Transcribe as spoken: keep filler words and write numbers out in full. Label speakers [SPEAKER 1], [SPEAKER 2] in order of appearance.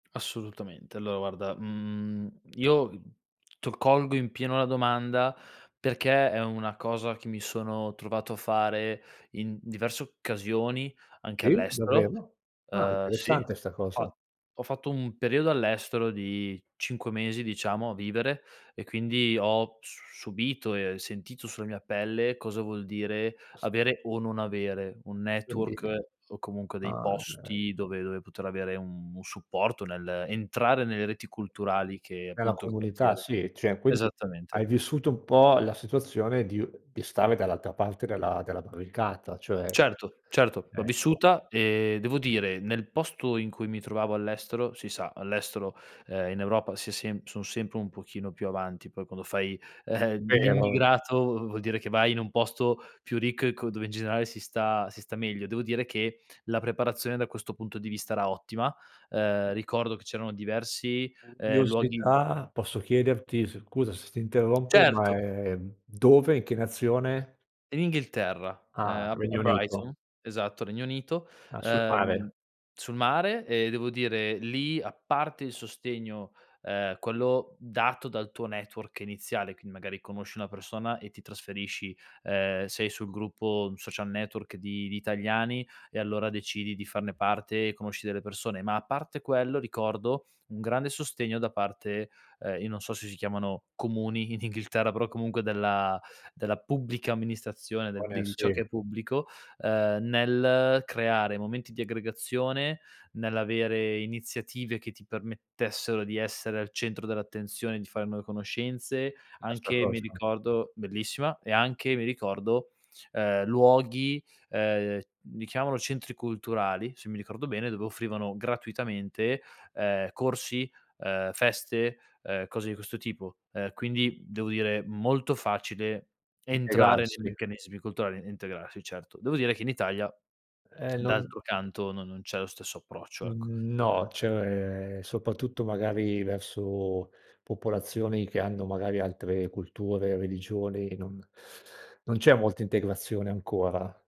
[SPEAKER 1] Assolutamente. alloa guarda, mhmm, io t colgo in pieno la domanda perché è una cosa che mi sono trovato a fare in diverse occasioni anche
[SPEAKER 2] Sì?
[SPEAKER 1] all'estero.
[SPEAKER 2] Davvero? Ah,
[SPEAKER 1] Uhm, sì,
[SPEAKER 2] interessante 'sta cosa.
[SPEAKER 1] fa ho fatto un periodo all'estero di cinque mesi, diciamo, a vivere e quindi ho s subito e sentito sulla mia pelle cosa vuol dire
[SPEAKER 2] S
[SPEAKER 1] avere o non avere un
[SPEAKER 2] Quindi
[SPEAKER 1] network o comunque dei
[SPEAKER 2] ah, chei.
[SPEAKER 1] posti dove dove poter avere un un supporto, nell'entrare nelle reti culturali che
[SPEAKER 2] Nella
[SPEAKER 1] appunto il
[SPEAKER 2] comunità
[SPEAKER 1] quartiere
[SPEAKER 2] sì, cioè quindi
[SPEAKER 1] esattamente.
[SPEAKER 2] hai vissuto un po' la situazione di u di stare dall'altra parte della della barricata, cioè
[SPEAKER 1] Certo, certo, l'ho
[SPEAKER 2] ecco.
[SPEAKER 1] vissuta e devo dire nel posto in cui mi trovavo all'estero, si sa, all'estero, ehm, in Europa si è sem son sempre un pochino più avanti. Poi quando fai
[SPEAKER 2] Vero?
[SPEAKER 1] l'immigrato v vuol dire che vai in un posto più ricco e co dove in generale si sta si sta meglio. Devo dire che la preparazione da questo punto di vista era ottima. Ehm, ricordo che c'erano diversi, ehm, luoghi
[SPEAKER 2] Curiosità. Posso chiederti, s scusa se ti interrompo ma
[SPEAKER 1] Certo.
[SPEAKER 2] è dove e in che nazione?
[SPEAKER 1] In Inghilterra, ehm,
[SPEAKER 2] Ah,
[SPEAKER 1] a B a
[SPEAKER 2] Regno Unito.
[SPEAKER 1] Brighton, esatto, Regno Unito,
[SPEAKER 2] Ah, sul
[SPEAKER 1] uhm,
[SPEAKER 2] mare.
[SPEAKER 1] sul mare, e devo dire lì, a parte il sostegno, ehm, quello dato dal tuo network iniziale, quindi magari conosci una persona e ti trasferisci, ehm, sei sul gruppo Social Network di di italiani e allora decidi di farne parte e conosci delle persone, ma a parte quello ricordo un grande sostegno da parte, ehm, io non so se si chiamano "comuni" in Inghilterra, però comunque della della pubblica amministrazione,
[SPEAKER 2] On eh,
[SPEAKER 1] di di ciò che
[SPEAKER 2] sì.
[SPEAKER 1] è pubblico, uhm, nel creare momenti di aggregazione, nell'avere iniziative che ti permettessero di essere al centro dell'attenzione, di fare nuove conoscenze.
[SPEAKER 2] Bella 'sta
[SPEAKER 1] Anche, mi
[SPEAKER 2] cosa.
[SPEAKER 1] ricordo bellissima, e anche, mi ricordo, ehm, luoghi, ehm, li chiamano "centri culturali", se mi ricordo bene, dove offrivano gratuitamente, ehm, corsi, uhm, feste, uhm, cose di questo tipo. Ehm, quindi devo dire molto facile entrare nei
[SPEAKER 2] Integrarsi?
[SPEAKER 1] meccanismi culturali e integrarsi, certo. Devo dire che in Italia,
[SPEAKER 2] Eh, non
[SPEAKER 1] d'altro canto, non non c'è lo stesso approccio, ecco.
[SPEAKER 2] Mhmm, no, cioè soprattutto magari verso popolazioni che hanno magari altre culture, religioni, non non c'è molta integrazione ancora.